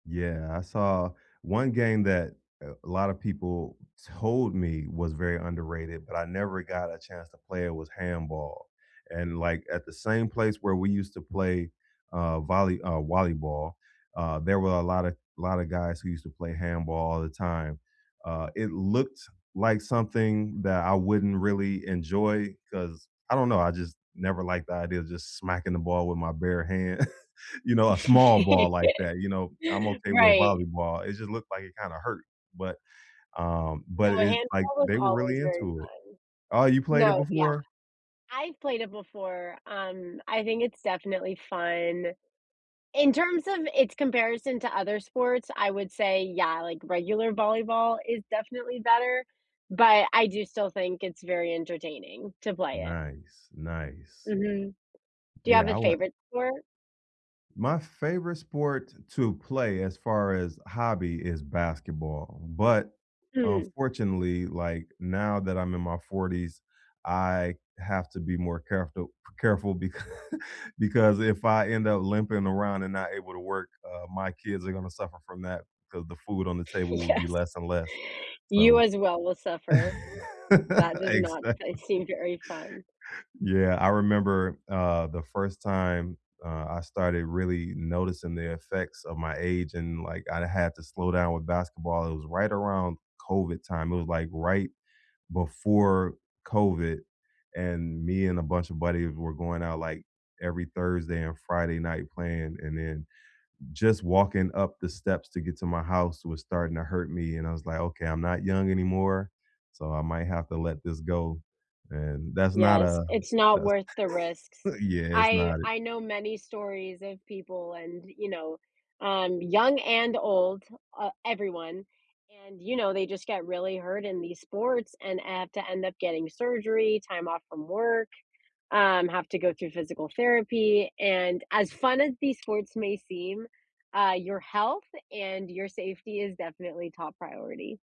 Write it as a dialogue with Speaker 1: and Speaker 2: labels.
Speaker 1: Yeah, I saw one game that, uh, a lotta people told me was very underrated, but I never got a chance to play it, was handball, and, like, at the same place where we used to play, uh, volley uh, wallyball, uh, there were a lotta lotta guys who used to play handball all the time. Uh, it looked like something that I wouldn't really enjoy 'cause, I don't know, I just never liked the idea of just smacking the ball with my bare hand. You know, a small ball like that, you know, I'm
Speaker 2: Yeah,
Speaker 1: okay with
Speaker 2: right.
Speaker 1: volleyball, it just looked like it kinda hurt, but,
Speaker 2: I
Speaker 1: um but
Speaker 2: No,
Speaker 1: it's like,
Speaker 2: handball was
Speaker 1: they were
Speaker 2: always
Speaker 1: really
Speaker 2: very
Speaker 1: into it. Oh, you
Speaker 2: fun.
Speaker 1: played it
Speaker 2: No, yeah.
Speaker 1: before?
Speaker 2: I've played it before, um, I think it's definitely fun. In terms of its comparison to other sports, I would say, yeah, like, regular volleyball is definitely better, but I do still think it's very entertaining to play it.
Speaker 1: Nice, nice.
Speaker 2: Mhm. Do you
Speaker 1: Yeah.
Speaker 2: have any
Speaker 1: I want
Speaker 2: favorite sport?
Speaker 1: My favorite sport to play, as far as hobby, is basketball, but
Speaker 2: Mm.
Speaker 1: unfortunately, like, now that I'm in my 40s, I have to be more careful c careful becau because if I end up limping around and not able to work, uh, my kids are gonna suffer from that, 'cause the food on the table will be
Speaker 2: Yes.
Speaker 1: less and less,
Speaker 2: You
Speaker 1: so
Speaker 2: as well will suffer. That does not
Speaker 1: Exactly.
Speaker 2: can't seem very fun.
Speaker 1: Yeah, I remember, uh, the 1st time, uh, I started really noticing the effects of my age and, like, I had to slow down with basketball, it was right around COVID time. It was, like, right before COVID, and me and a bunch of buddies we were going out, like, every Thursday and Friday night playing, and then just walking up the steps to get to my house was starting to hurt me, and I was like, "Okay, I'm not young anymore, so I might have to let this go," and, that's not
Speaker 2: Yes,
Speaker 1: a
Speaker 2: it's not
Speaker 1: that's
Speaker 2: worth the risks.
Speaker 1: Yeah, it's
Speaker 2: I
Speaker 1: not it.
Speaker 2: I know many stories of people and, you know, um, young and old, uh, everyone, and, you know, they just get really hurt in these sports and have to end up getting surgery, time off from work, um, have to go through physical therapy, and as fun as these sports may seem, uh, your health and your safety is definitely top priority.